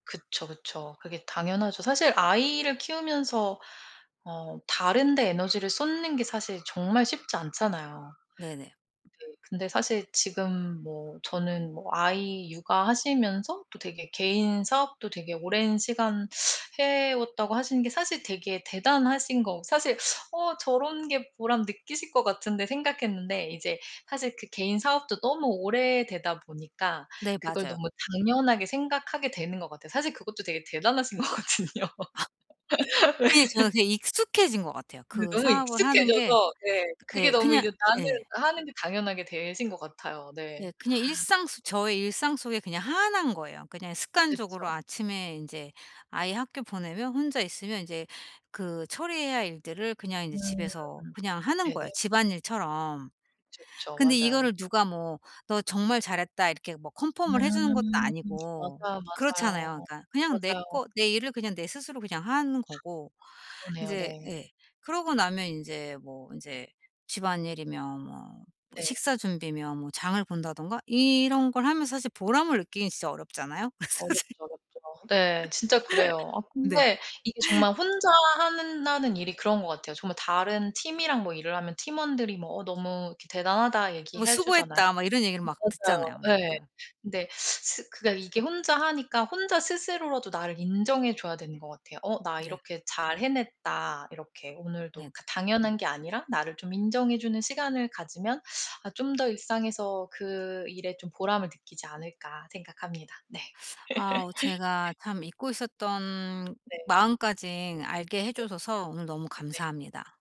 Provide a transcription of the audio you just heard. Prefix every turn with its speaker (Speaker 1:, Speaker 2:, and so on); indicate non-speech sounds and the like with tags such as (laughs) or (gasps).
Speaker 1: 그쵸, 그쵸. 그게 당연하죠. 사실 아이를 키우면서 어 다른 데 에너지를 쏟는 게 사실 정말 쉽지 않잖아요.
Speaker 2: 네네.
Speaker 1: 네. 근데 사실 지금 뭐 저는 뭐 아이 육아하시면서 또 되게 개인사업도 되게 오랜 시간 해왔다고 하시는 게 사실 되게 대단하신 거 사실 '어 저런 게 보람 느끼실 것 같은데.' 생각했는데 이제 사실 그 개인사업도 너무 오래되다 보니까
Speaker 2: 네.
Speaker 1: 그걸
Speaker 2: 맞아요.
Speaker 1: 너무 당연하게 생각하게 되는 것 같아요. 사실 그것도 되게 대단하신
Speaker 2: (gasps)
Speaker 1: 거거든요.
Speaker 2: 그게 저한테 익숙해진 것 같아요,
Speaker 1: 네. 네
Speaker 2: 그
Speaker 1: 너무
Speaker 2: 사업을 하는 게.
Speaker 1: 익숙해져서 네. 그게
Speaker 2: 예.
Speaker 1: 너무
Speaker 2: 그냥
Speaker 1: 이제 나한테는
Speaker 2: 예.
Speaker 1: 하는 게 당연하게 되신 것 같아요. 네.
Speaker 2: 네. 그냥 일상 속 저의 일상 속에 그냥 하나인 거예요. 그냥 습관적으로
Speaker 1: 그쵸.
Speaker 2: 아침에 인제 아이 학교 보내면 혼자 있으면 인제 그 처리해야 할 일들을 그냥 인제
Speaker 1: 음.
Speaker 2: 집에서 그냥 하는 거예요,
Speaker 1: 네네.
Speaker 2: 집안일처럼.
Speaker 1: 그쵸. 그쵸.
Speaker 2: 근데
Speaker 1: 맞아요.
Speaker 2: 이거를 누가 뭐 "너 정말 잘했다." 이렇게 뭐 컨펌을 해주는 것도
Speaker 1: 음.
Speaker 2: 아니고
Speaker 1: 맞아요,
Speaker 2: 그렇잖아요.
Speaker 1: 맞아요.
Speaker 2: 그러니까 그냥 내
Speaker 1: 맞아요.
Speaker 2: 거 내 일을 그냥 내 스스로 그냥 하는 거고
Speaker 1: 그러네요.
Speaker 2: 이제
Speaker 1: 네.
Speaker 2: 예. 그러고 나면 인제 뭐 인제 집안일이며 뭐 뭐
Speaker 1: 네.
Speaker 2: 식사 준비며 뭐 장을 본다든가 이런 걸 하면 사실 보람을 느끼긴 진짜 어렵잖아요, 사실.
Speaker 1: 어렵죠, 어렵죠. 네. 진짜 그래요. 아
Speaker 2: (laughs) 네.
Speaker 1: 근데 이게 정말 혼자 하는 나는 일이 그런 것 같아요. 정말 다른 팀이랑 뭐 일을 하면 팀원들이 뭐 "어 너무 이렇게 대단하다."
Speaker 2: 뭐
Speaker 1: 얘기해 주잖아요.
Speaker 2: "수고했다." 막 이런 얘기를 막
Speaker 1: 맞아요.
Speaker 2: 듣잖아요. 네
Speaker 1: 예.
Speaker 2: 맞아요.
Speaker 1: 근데 스 그게 이게 혼자 하니까 혼자 스스로라도 나를 인정해 줘야 되는 것 같아요. '어 나
Speaker 2: 네.
Speaker 1: 이렇게 잘 해냈다.' 이렇게
Speaker 2: 네네.
Speaker 1: 오늘도 그 당연한 게 아니라 나를 좀 인정해 주는 시간을 가지면 아 '좀 더 일상에서 그 일에 좀 보람을 느끼지 않을까.' 생각합니다. 네.
Speaker 2: 아. 제가
Speaker 1: (laughs)
Speaker 2: 참 잊고 있었던
Speaker 1: 네.
Speaker 2: 마음까지 알게
Speaker 1: 네.
Speaker 2: 해주셔서 오늘 너무
Speaker 1: 네.
Speaker 2: 감사합니다.